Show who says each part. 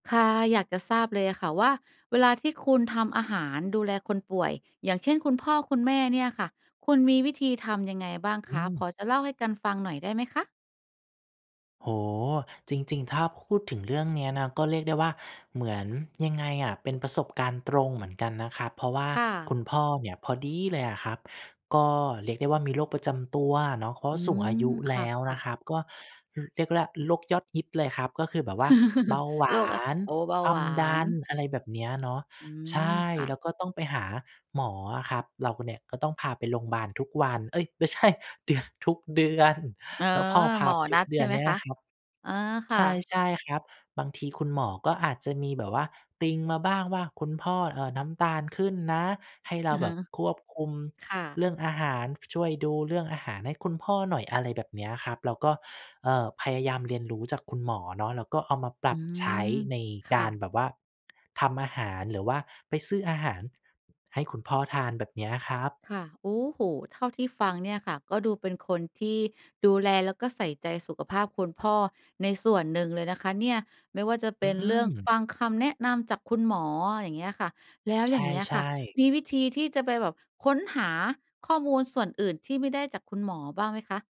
Speaker 1: ค่ะ อยากจะทราบเลยอะค่ะว่า เวลาที่คุณทำอาหารดูแลคนป่วย อย่างเช่น คุณพ่อคุณแม่เนี่ยค่ะ คุณมีวิธีทำยังไงบ้าง
Speaker 2: อ
Speaker 1: ค
Speaker 2: ื
Speaker 1: ะ พ
Speaker 2: ม
Speaker 1: อจะเล่าให้กันฟังหน่อยได้ไหมคะ?
Speaker 2: โอ้โฮ จริง ๆ ถ้าพูดถึงเรื่องเนี้ยนะ ก็เรียกได้ว่าเหมือน ยังไงอะ เป็นประสบการณ์ตรงเหมือนกันนะครับ เพราะว่า
Speaker 1: ค่
Speaker 2: ค
Speaker 1: ะ
Speaker 2: ุณพ่อเนี่ย พอดีเลยอะครับ ก็เรียกได้ว่ามีโรคประจำตัวเนาะ เพราะ
Speaker 1: อื
Speaker 2: สูงอาย
Speaker 1: ม
Speaker 2: ุ
Speaker 1: ค
Speaker 2: แล
Speaker 1: ่
Speaker 2: ้วน
Speaker 1: ะ
Speaker 2: ะ
Speaker 1: ๆ
Speaker 2: ครับ ก็ อ เรียกล่ะโรคยอดฮิตเลยครับ ก็คือแบบว่าเบาหว
Speaker 1: โร
Speaker 2: า
Speaker 1: คอะ
Speaker 2: น
Speaker 1: โอ้ เบา
Speaker 2: ควา
Speaker 1: หว
Speaker 2: ม
Speaker 1: า
Speaker 2: ดัน
Speaker 1: น
Speaker 2: อะไรแบบเนี้ยเนาะ
Speaker 1: อื
Speaker 2: ใช
Speaker 1: ม
Speaker 2: ่
Speaker 1: ค่
Speaker 2: แ
Speaker 1: ะ
Speaker 2: ล้วก็ต้องไปหาหมออะครับ เราเนี่ยก็ต้องพาไปโรงบาลทุกวัน เอ๊ย! ไม่ใช่ เดือ ทุกเดือน
Speaker 1: เออ
Speaker 2: แล้วพอพ
Speaker 1: ห
Speaker 2: า
Speaker 1: มอ
Speaker 2: ไปท
Speaker 1: น
Speaker 2: ุ
Speaker 1: ั
Speaker 2: ก
Speaker 1: ด
Speaker 2: เด
Speaker 1: ใ
Speaker 2: ื
Speaker 1: ช่
Speaker 2: อน
Speaker 1: ไหม
Speaker 2: เนี่ย
Speaker 1: ค
Speaker 2: น
Speaker 1: ะ?
Speaker 2: ะครับ
Speaker 1: อ๋อ ค
Speaker 2: ใ
Speaker 1: ่ะ
Speaker 2: ช่ ๆ ครับ บางทีคุณหมอก็อาจจะมีแบบว่าติงมาบ้างว่า "คุณพ่อ เอ่อ น้ำตาลขึ้นนะ ให้เร
Speaker 1: อ
Speaker 2: า
Speaker 1: ือ
Speaker 2: แ
Speaker 1: ฮ
Speaker 2: บ
Speaker 1: ึ
Speaker 2: บควบคุม
Speaker 1: ค่
Speaker 2: เ
Speaker 1: ะ
Speaker 2: รื่องอาหาร ช ช่วยดูเรื่องอาหารให้คุณพ่อหน่อย" อะไรแบบนี้ครับ เราก็ เอ่อ พยายามเรียนรู้จากคุณหมอเนาะ แล้วก็เอามาปร
Speaker 1: อื
Speaker 2: ับใช
Speaker 1: ม
Speaker 2: ้ใน
Speaker 1: ค
Speaker 2: ก
Speaker 1: ่
Speaker 2: า
Speaker 1: ะ
Speaker 2: รแบบว่าทำอาหาร หรือว่าไปซื้ออาหารให้คุณพ่อทาน แบบเนี้ยอะครับ
Speaker 1: ค่ะ โอ้โฮ เท่าที่ฟังเนี่ยค่ะ ก็ดูเป็นคนที่ดูแลแล้วก็ใส่ใจสุขภาพคุณพ่อในส่วนหนึ่งเลยนะคะเนี่ย ไม่ว่าจะเป
Speaker 2: อื
Speaker 1: ็นเรื่องฟ
Speaker 2: ม
Speaker 1: ังคำแนะนำจากคุณหมอ อย่างเงี้ยค่ะ แล้ว
Speaker 2: ใ
Speaker 1: อย่างเงี้ย
Speaker 2: ช
Speaker 1: ค
Speaker 2: ่
Speaker 1: ่ะ
Speaker 2: ๆ
Speaker 1: มีวิธีที่จะไปแบบค้นหาข้อมูลส่วนอื่นที่ไม่ได้จากคุณหมอบ้างไหมคะ?